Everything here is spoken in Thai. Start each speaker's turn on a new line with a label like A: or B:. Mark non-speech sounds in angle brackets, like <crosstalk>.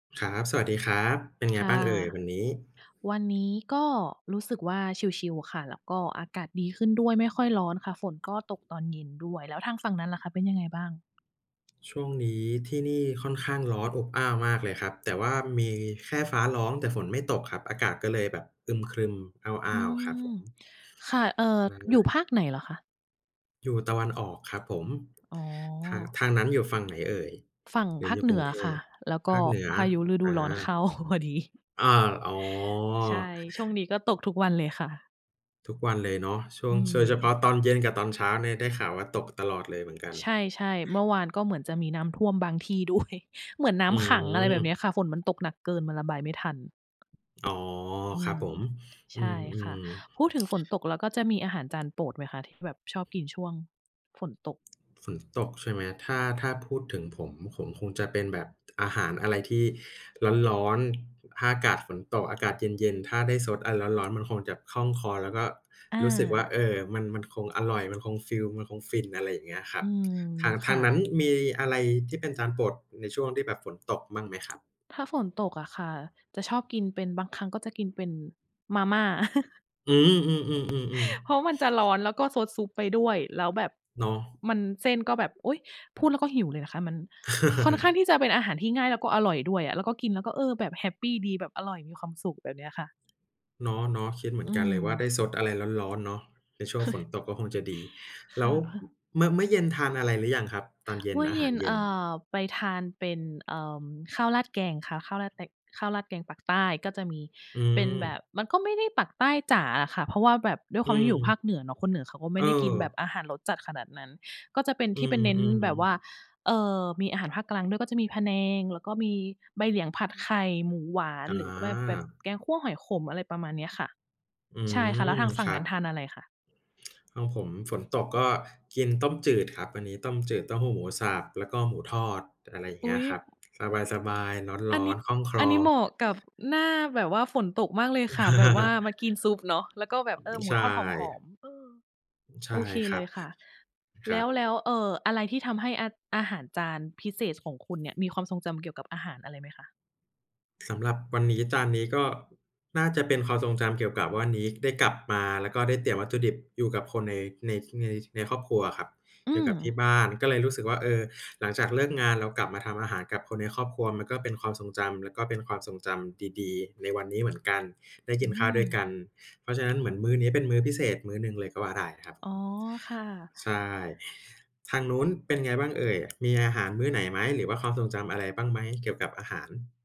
A: ครับ สวัสดีครับ เป็นไง
B: ค
A: บ
B: ่
A: ้า
B: ะ
A: งเอ่ยวันนี้?
B: วันนี้ก็รู้สึกว่าชิล ๆ ค่ะ แล้วก็อากาศดีขึ้นด้วยไม่ค่อยร้อนค่ะ ฝนก็ตกตอนเย็นด้วย แล้วทางฝั่งนั้นล่ะคะเป็นยังไงบ้าง?
A: ช่วงนี้ที่นี่ค่อนข้างร้อนอบอ้าวมากเลยครับ แต่ว่ามีแค่ฟ้าร้อง แต่ฝนไม่ตกครับ อากาศก็เลยแบบอึมครึม อ
B: อื
A: ้าว ๆ ครับ
B: ม
A: ผม
B: ค่ะ เอ่อ
A: อ
B: อยู่
A: า
B: ภาคไหนเหรอคะ?
A: อยู่ตะวันออก ครับผม
B: อ๋อ
A: ทาง ทางนั้นอยู่ฝั่งไหนเอ่ย
B: ฝั่ง
A: หรื
B: ภ
A: อ
B: า
A: อย
B: ค
A: ู่
B: เห
A: ก
B: น
A: ร
B: ื
A: ุ
B: อ
A: งเท
B: ค่ะ
A: พ?
B: แล้วก
A: ภ
B: ็
A: าคเหนือ
B: พายุฤดู
A: อา
B: ร้อน เข้า พอดี
A: อา อ๋อ
B: ใช่ ช่วงนี้ก็ตกทุกวันเลยค่ะ
A: ทุกวันเลยเนาะช่
B: อ
A: ว
B: ื
A: ง โดยเฉพา
B: ม
A: ะตอนเย็นกับตอนเช้าเนี่ยได้ข่าวว่าตกตลอดเลยเหมือนกัน
B: ใช่ ๆ เมื่อวานก็เหมือนจะมีน้ำท่วมบางที่ ด้วย เหมือนน้
A: อ
B: ำขัง อะไรแบบน
A: ื
B: ี
A: ม
B: ้ค่ะ ฝนมันตกหนักเกิน มันระบายไม่ทัน
A: อ๋อ
B: อื
A: ครับ
B: ม
A: ผม
B: ใ
A: อื
B: ช่ค่ะ
A: ม ๆ
B: พูดถึงฝนตก แล้วก็จะมีอาหารจานโปรดไหมคะ? ที่แบบชอบกินช่วง ฝนตก
A: ฝนตกใช่ไหมครับ? ถ้า ถ้าพูดถึงผม ผมคงจะเป็นแบบ อาหารอะไรที่ ร้อน ๆ ถ้าอากาศฝนตก อากาศเย็น ๆ ถ้าได้ซดอะไรร้อน ๆ มันคงจะคล่องคอ แล้วก็
B: อ
A: รู้สึกว่า เอ
B: า
A: ่อ มัน มันคงอร่อย มันคงฟีล มันคง ฟิน อะไรอย่างเงี้ยคร
B: อ
A: ั
B: ื
A: บ
B: ม
A: ทาง
B: ค
A: ทา
B: ่
A: งนั้น
B: ะ
A: มีอะไรที่เป็นจานโปรดในช่วงที่แบบฝนตกบ้างไหมครับ?
B: ถ้าฝนตกอะค่ะจะชอบกินเป็น บางครั้งก็จะกินเป็นมาม่า <chuckles>
A: อือ อือ ๆ
B: เพราะมันจะร้
A: ๆ ๆ
B: อน แล้วก็ซดซุปไปด้วย แล้วแบบ
A: เนาะ
B: มัน เส้นก็แบบ โอ๊ย พูดแล้วก็หิวเลยนะคะ มันค่อนข้างที่จะเป็นอา
A: <laughs>
B: หารที่ง่าย แล้วก็อร่อยด้วยอะ แล้วก็กินแล้วก็ เออ แบบแฮปปีดี แบบอร่อย มีความสุข แบบนี้ค่ะ
A: เนาะ ๆ คิดเหมื
B: อื
A: อนกันเลยว่า
B: ม
A: ได้ซดอะไรร้อน ๆ เนาะ ในช่วงฝน
B: <chuckles>
A: ตกก็คงจะดี
B: ค
A: แล้
B: ่ะ
A: ว
B: พ
A: ม เมื่อ เมื่อเย็นทานอะไรหรือยังครับ? ตอนเย็
B: เม
A: น
B: ื่อ
A: อา
B: เย
A: ห
B: ็
A: าร
B: น
A: เย็
B: อ
A: น
B: ่า ไปทานเป็น เอ่อ ข้าวราดแกงค่ะ ข้าวราดแตง ข้าวราดแกงปักษ์ใต้ ก็จะมี
A: อื
B: เป็นแบ
A: ม
B: บ มันก็ไม่ได้ปักษ์ใต้จ๋าอะค่ะ เพราะว่าแบบด้วยค
A: อื
B: วามที่อยู่ภา
A: ม
B: คเหนือเนาะ คนเหนือเขาก็ไม่ได้กินแบบ
A: เออ
B: อาหารรสจัดขนาดนั้น ก็จะเป็น
A: อ
B: ท
A: ื
B: ี่ไปเน้น
A: ม
B: แบบว่า
A: ๆ
B: เอ่อ มีอาหารภาคกลางด้วย ก็จะมีพะแนง แล้วก็มีใบเหลียงผัดไข่ หมูหวาน
A: อ
B: หรือแบบ แบบ
A: า
B: แกงคั่วหอยขม อะไรประมาณนี้ค่ะ
A: อื
B: ใช่ค่ะ แล้ว
A: ม
B: ทางฝั่
A: ค
B: ง
A: ร
B: นั
A: ั
B: ้
A: บ
B: นทานอะไรคะ?
A: ห้องผมฝนตกก็กินต้มจืดครับ อันนี้ต้มจืดเต้าหู้หมูสับ แล้วก็หมูทอด อะไรอย่าง
B: อ
A: เงี
B: ุ
A: ้
B: ๊
A: ย
B: ย
A: ครับ สบาย ๆ
B: อ
A: ร
B: ัน
A: ้อ
B: นี้
A: น ๆ คล่องคล
B: อัน
A: อ
B: นี้เหมาะกับ หน้าแบบว่าฝนตกมากเลย
A: <laughs>
B: ค่ะ แบบว่ามา
A: อ
B: กินซุปเนาะ แล้วก็แบ
A: ื
B: บ เ
A: ม
B: อ่อ หม
A: ใ
B: ู
A: ช
B: ทอดหอ
A: ่
B: ม ๆ เออ
A: ใช
B: โ
A: ่
B: อเค
A: ค
B: เ
A: ร
B: ล
A: ับ
B: ยค่ะ
A: ค
B: แ
A: ร
B: ล
A: ั
B: ้ว
A: บ
B: แล้ว เอ่อ อะไรที่ทำให้อา อาหารจานพิเศษของคุณเนี่ยมีความทรงจำเกี่ยวกับอาหารอะไรไหมคะ?
A: สำหรับวันนี้ จานนี้ก็น่าจะเป็นความทรงจำเกี่ยวกับว่า นีก ได้กลับมา แล้วก็ได้เตรียมวัตถุดิบอยู่กับคนใน ใน ท ใน ในครอบครัวอะครับ
B: อื
A: อยู่กับที
B: ม
A: ่บ้าน ก็เลยรู้สึกว่า เออ หลังจากเลิกงานแล้วกลับมาทำอาหารกับคนในครอบครัว มันก็เป็นความทรงจำ แล้วก็เป็นความทรงจำดี ๆ ในวันนี้เหมือนกัน ได้
B: อ
A: ก
B: ื
A: ินข้าวด้วยก
B: ม
A: ัน เพราะฉะนั้นเหมือนมื้อนี้เป็นมื้อพิเศษมื้อหนึ่งเลยก็ว่าได้ครับ
B: อ๋อ
A: อ
B: ค่ะ
A: ใช่ ทางนู้นเป็นไงบ้างเอ่ย มีอาหารมื้อไหนไหม หรือว่าความทรงจำอะไรบ้างไหม เกี่ยวกับอาหาร?